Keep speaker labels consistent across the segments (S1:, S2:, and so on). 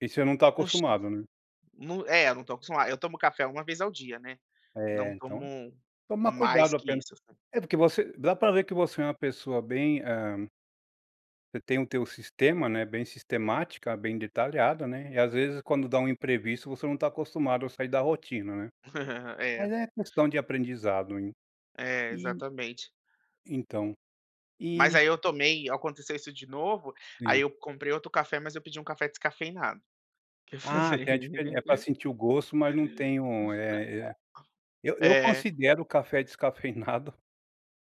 S1: E você não tá
S2: [unintelligible]
S1: acostumado, né.
S2: .Nu é, eu não tô acostumado, eu tomo café uma vez ao dia, né. Não
S1: É,
S2: tomo
S1: então é tomar
S2: mais
S1: cuidado
S2: que
S1: apenas.
S2: isso, assim.
S1: É porque você dá pra ver que você é uma pessoa bem, eh Você tem o teu sistema, né, bem sistemática, bem detalhado, né, e às vezes quando dá um imprevisto você não tá acostumado a sair da rotina, né. Mas
S2: É.
S1: é questão de aprendizado.
S2: É,
S1: E
S2: exatamente.
S1: então,
S2: Mas
S1: e
S2: aí eu tomei aconteceu isso de novo, aí
S1: Sim.
S2: eu comprei outro café, mas eu pedi um café descafeinado. O que
S1: Ah,
S2: fazer?
S1: tem a diferença, é pra sentir o gosto mas não tem o, eh eh eu eu
S2: É.
S1: considero o café descafeinado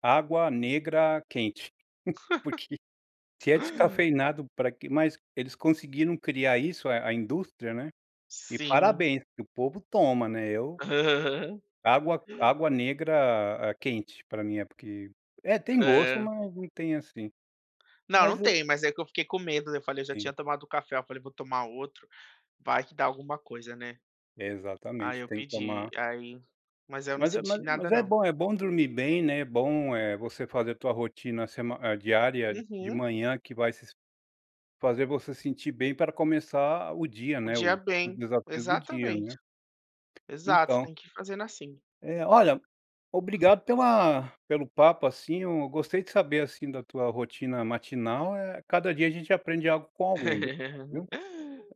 S1: água negra quente. Porque, se é descafeinado, pra que mas eles conseguiram criar isso a a indústria, né. E
S2: Sim.
S1: parabéns que o povo toma, né, eu Água água negra, ah, quente pra mim. É, porque é, tem gosto
S2: Hã.
S1: mas não tem assim.
S2: Não, não
S1: Mas o
S2: tem, mas é que eu fiquei com medo, né, eu falei eu já tinha
S1: Sim.
S2: tomado o café, eu falei: "Vou tomar outro, vai que dá alguma coisa, né".
S1: É
S2: Aí
S1: exatamente,
S2: eu
S1: tem que
S2: pedi,
S1: tomar
S2: aí, mas aí eu não
S1: Mas é
S2: senti
S1: mas
S2: nada
S1: mas é
S2: não.
S1: bom é bom dormir bem, né, é bom, eh, você fazer a tua rotina sema é diária de
S2: Uhum.
S1: manhã que vai se fazer você se sentir bem para começar o dia,
S2: O
S1: né,
S2: dia
S1: o os
S2: bem,
S1: desafios do dia, né.
S2: exatamente. Exato, você
S1: Então
S2: tem que ir fazendo assim.
S1: É. Olha, obrigado pela pelo papo, assim, eu gostei de saber, assim, da tua rotina matinal, eh, cada dia a gente aprende algo com alguém, obrigado viu.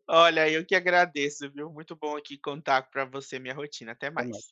S2: Olha, eu que agradeço, viu. Muito bom aqui contar pra você minha rotina, até
S1: Até mais.
S2: mais.